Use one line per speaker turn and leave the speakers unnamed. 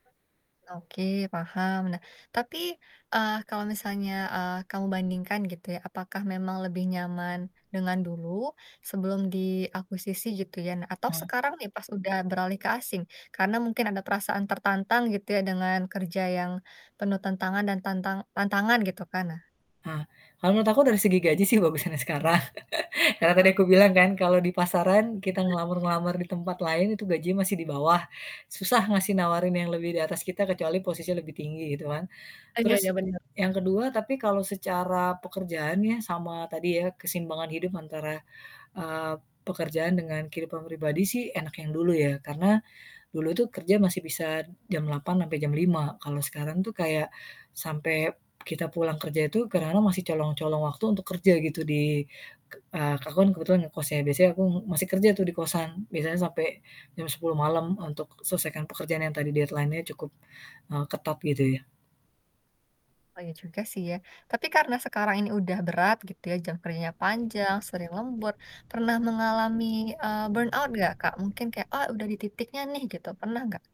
Oke paham nah tapi, eee, kalau misalnya, eee, kamu bandingkan gitu ya apakah memang lebih nyaman, dengan dulu, sebelum diakuisisi gitu ya atau
Ah.
sekarang nih pas udah beralih ke asing, karena mungkin ada perasaan tertantang gitu ya dengan kerja yang, penuh tantangan dan tantang tantangan gitu kan. Nah.
Ah, kalau menurut aku dari segi gaji sih bagusan yang sekarang karena
Oh
tadi aku bilang
oke.
kan kalau di pasaran kita ngelamar-ngelamar di tempat lain itu gaji masih di bawah, susah ngasih nawarin yang lebih di atas kita kecuali posisi lebih tinggi gitu kan,
Ah, iya
terus
iya
e
bener.
yang ke-2 tapi kalau secara pekerjaan ya sama tadi ya keseimbangan hidup antara, eee, pekerjaan dengan kehidupan pribadi sih enak yang dulu ya karena, dulu itu kerja masih bisa jam 8.00 sampai jam 5.00 kalau sekarang tuh kayak, sampai kita pulang kerja itu kadang-kadang masih colong colong waktu untuk kerja gitu di, k eee, aku kan kebetulan ngekos ya biasanya aku masih kerja tuh di kosan biasanya sampai, jam 10.00 malam untuk selesaikan pekerjaan yang tadi deadline-nya cukup, eee, ketat gitu ya.
Oh iya juga sih ya, tapi karena sekarang ini udah berat gitu ya jam kerjanya panjang sering lembur, pernah mengalami, eee, burnout gak Kak? Mungkin kayak "Oh udah di titiknya nih," gitu pernah nggak?